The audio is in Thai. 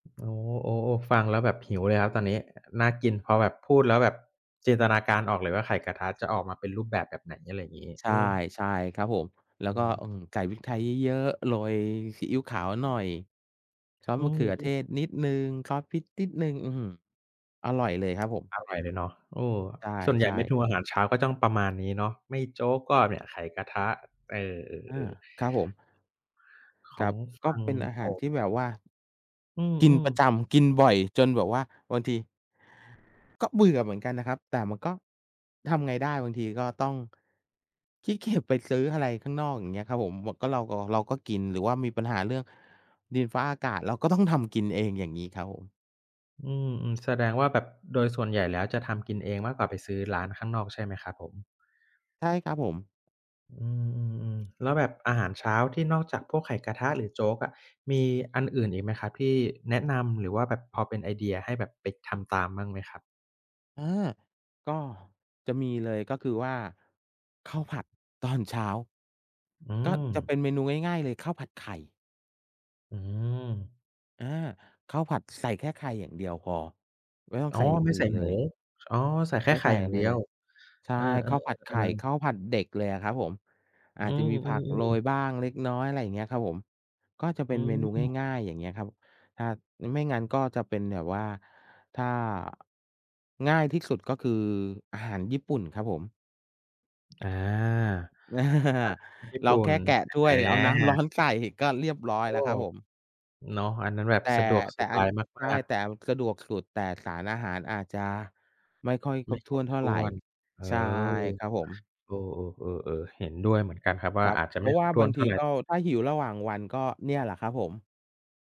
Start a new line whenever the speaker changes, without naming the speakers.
โอ้ โอ้ ฟังแล้วแบบหิว เลยครับตอนนี้น่ากินพอแบบพูดแล้วแบบจินตนาการออกเลยว่า ไข่กระทะจะออกมาเป็นรูปแบบ แบบไหน อะไรงี้
ใช
เอ
่
อ
ใช่ครับผม แล้
อ
ว
ื
ก็
ม
อืม ใส่พริกไทยเยอะ ๆ โรยซีอิ๊วขาวหน่อย ซอส
อื
มะเข
ม
ือเท
ๆ
ศนิดหนึ่ง ซอสพริกนิดหนึ่ง อื้อฮือ อร่อยเลยครับผม
อร่อยเลยเนาะ เออ
ใ
ส่วนใหญ
ช
่เ
่
มนูอา
ๆ
หารเช้าก็จ้องประมาณนี้เนาะ ไม่โจ๊กก็เนี่ย ไข่กระทะ เอ
อา
อ ๆ ๆ
ครับผม
ข
คร
อ
ั
ง
บ
ฝ
ก็
ั่ง
เป็นอาห
ผ
ารท
ม
ี่แบบว่า
อื
กิน
อ
ปร
ๆ
ะจำ กินบ่อยจนแบบว่าบางที ก็เบื่อเหมือนกันนะครับ แต่มันก็ ทำไงได้ บางทีก็ต้อง ขี้เกียจไปซื้ออะไรข้างนอก อย่างเงี้ยครับผม ว ก็ เราก็ เราก็กิน หรือว่ามีปัญหาเรื่อง ดินฟ้าอากาศเราก็ต้องทำกินเอง อย่างงี้ครับผม
อืม ๆ แสดงว่าแบบโดยส่วนใหญ่แล้วจะทำกินเองมากกว่าไปซื้อร้านข้างนอก ใช่ไหมครับผม?
ใช่ครับผม
อืม ๆ ๆ แล้วแบบอาหารเช้าที่นอกจากพวกไข่กระทะหรือโจ๊กอะ มีอันอื่นอีกไหมครับที่แนะนำ หรือว่าแบบพอเป็นไอเดียให้แบบไปทำตามมั่งไหมครับ?
เออ ก็จะมีเลยก็คือว่า ข้าวผัดตอนเช้า
อื
ก็จะ
ม
เป็นเมนูง่าย ๆ เลย ข้าวผัดไข่
อืม
อา ข้าวผัดใส่แค่ไข่อย่างเดียวพอ ไม่ต้อง
อ๋
ใ
อ
ส่อย่าง
ไม่
อื
ใ
่
ส
น
่
เล
หมู
ย
อ๋อ ใส่แค
ไม
่
่
ไข
ใ
่
ส่
อย่า
อ
ง
ะไ
เ
ร
ดีย
เล
ว
ย ใช่
เออ
ข้าวผัดไข่
ๆ
ข
ๆ ๆ
้าวผัดเด็กเลยอะครับผม อ
อ
า
ื
จจะมีผักโร
อ
ย
ๆ ๆ
บ้างเล็กน้อย อะไรอย่างเงี้ยครับผม ก็จะเ
อ
ป
ื
็นเมนู
ม
ง่าย ๆ อย่างเงี้ยครับ อาจ อือ ไม่งั้นก็จะเป็นแบบว่าถ้า ง่ายที่สุดก็คืออาหารญี่ปุ่นครับผม
อา อาหารญี่
เร
ป
า
ุ่
แค
น
่แกะด้
อ
วย
า
เอาน้ำร้อนใส่ก็เรียบร้อ
โ
ย
อ้
แล้วค
โ
ร
ฮ
ับผม
เนาะ อันนั้นแบบ
แต่
สะดวก
แ
ส
ต่
บ
อั
า
น
ย
ใช
ม
่
าก
แต
ๆ
่เอาสะดวกสุด แต่สารอาหารอาจจะไม่ค่อยค
ไ
ร
ม
บ
่
ถ
ค
้
ร
วน
บ
เท่
ถ
า
้
ไร
วน เออ
ใช่ครับผม
เออ ๆ ๆ ๆ เห็นด้วยเหมือนกันครับว่
ค
า
รับ
อาจจะ
เพ
ไ
ร
ม่
าะว
คร
่า
บถ
บ
้
า
ว
ง
นเท
ท
่
ี
าไ
ก
ร
็ ถ้าหิวระหว่างวันก็เนี่ยแหละครับผม